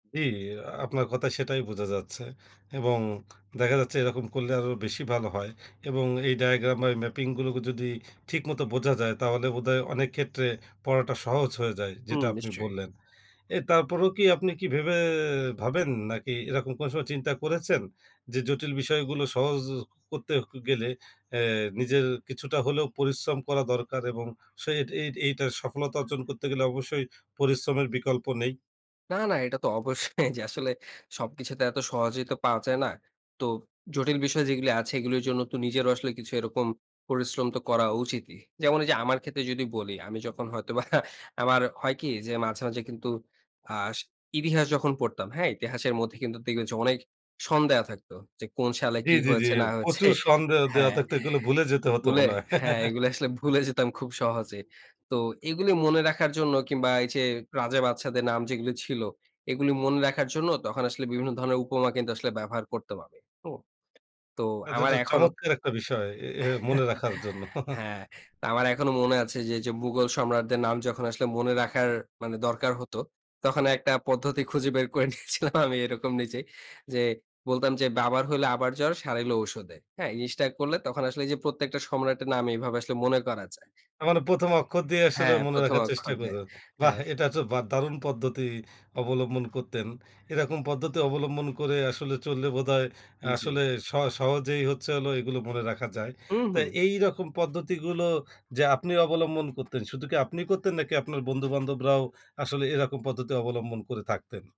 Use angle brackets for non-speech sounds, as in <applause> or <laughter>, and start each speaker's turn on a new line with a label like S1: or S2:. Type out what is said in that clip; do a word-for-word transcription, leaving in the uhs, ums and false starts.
S1: জি, আপনার কথায় সেটাই বুঝা যাচ্ছে, এবং দেখা যাচ্ছে এরকম করলে আরো বেশি ভালো হয় এবং এই ডায়াগ্রাম ম্যা ম্যাপিংগুলোকে যদি ঠিক মতো বোঝা যায়, তাহলে বোধহয় অনেক ক্ষেত্রে পড়াটা সহজ হয়ে যায়, যেটা
S2: হুম,
S1: আপনি
S2: নিশ্চয়ই।
S1: বললেন। এ তারপরেও কি আপনি কি ভেবে ভাবেন নাকি এরকম কোন সময় চিন্তা করেছেন? যে জটিল বিষয়গুলো সহজ করতে ক গেলে অ্যা নিজের কিছুটা হলেও পরিশ্রম করা দরকার এবং সেই এইট এইটার সফলতা অর্জন করতে গেলে অবশ্যই পরিশ্রমের বিকল্প নেই?
S2: না, না এটা তো অবশ্যই যে আসলে সবকিছু তো এত সহজেই তো পাওয়া যায় না। তো জটিল বিষয় যেগুলি আছে এগুলির জন্য তো নিজেরও আসলে কিছু এরকম পরিশ্রম তো করা উচিতই। যেমন ওইযে আমার ক্ষেত্রে যদি বলি আমি যখন হয়তো বা <chuckles> আমার হয় কি যে, মাঝে, মাঝে কিন্তু আস ইতিহাস যখন পড়তাম, হ্যাঁ? ইতিহাসের মধ্যে কিন্তু দেখবেন যে অনেক সন দেওয়া থাকতো, যে কোন সালে
S1: জি,
S2: কি
S1: জি, জি।
S2: হয়েছে না হয়েছে
S1: প্রচুর সন দেও দেওয়া
S2: হ্যাঁ,
S1: থাকতো এগুলো ভুলে যেতে হতো
S2: ভুলে
S1: মনে হয়।
S2: হ্যাঁ, এগুলি আসলে ভুলে যেতাম খুব সহজে।
S1: <chuckles>
S2: তো এগুলি মনে রাখার জন্য কিংবা এই যে রাজা-বাদশাদের নাম যেগুলি ছিল এগুলি মনে রাখার জন্য তখন আসলে বিভিন্ন ধরনের উপমা কিন্তু আসলে ব্যবহার করতাম আমি। হু? তো
S1: আচ্ছা,
S2: আমার
S1: আচ্ছা!
S2: এখনো
S1: চমৎকার একটা বিষয় এ এ মনে
S2: <chuckles>
S1: রাখার জন্য।
S2: হ্যাঁ।
S1: <chuckles>
S2: তো আমার এখনো মনে আছে যে, যে মুঘল সম্রাটদের নাম যখন আসলে মনে রাখার মানে দরকার হতো, তখন একটা পদ্ধতি খুঁজে বের করে নিয়েছিলাম আমি এরকম নিজেই যে বলতাম যে, "বাবার হইলে আবার জ্বর সারাইলো ঔষুধে।" হ্যাঁ? এই জিনিসটা করলে তখন আসলে এই যে প্রত্যেকটা সম্রাটের নাম এভাবে আসলে মনে করা যায়।
S1: তার মানে প্রথম অক্ষর দিয়ে আসলে
S2: হ্যাঁ,
S1: মনে
S2: প্রথম
S1: রাখার চেষ্টা
S2: অক্ষর দে
S1: করেন। বাহ!
S2: হ্যাঁ।
S1: এটা তো বা একটা দারুণ পদ্ধতি অবলম্বন করতেন। এরকম পদ্ধতি অবলম্বন করে আসলে চললে বোধহয় আসলে
S2: জি।
S1: সহ সহজেই হচ্ছে হলো এগুলো মনে রাখা যায়। তো
S2: উহু।
S1: এইরকম পদ্ধতিগুলো যে আপনি অবলম্বন করতেন, শুধু কি আপনি করতেন নাকি আপনার বন্ধু-বান্ধবরাও আসলে এরকম পদ্ধতি অবলম্বন করে থাকতেন?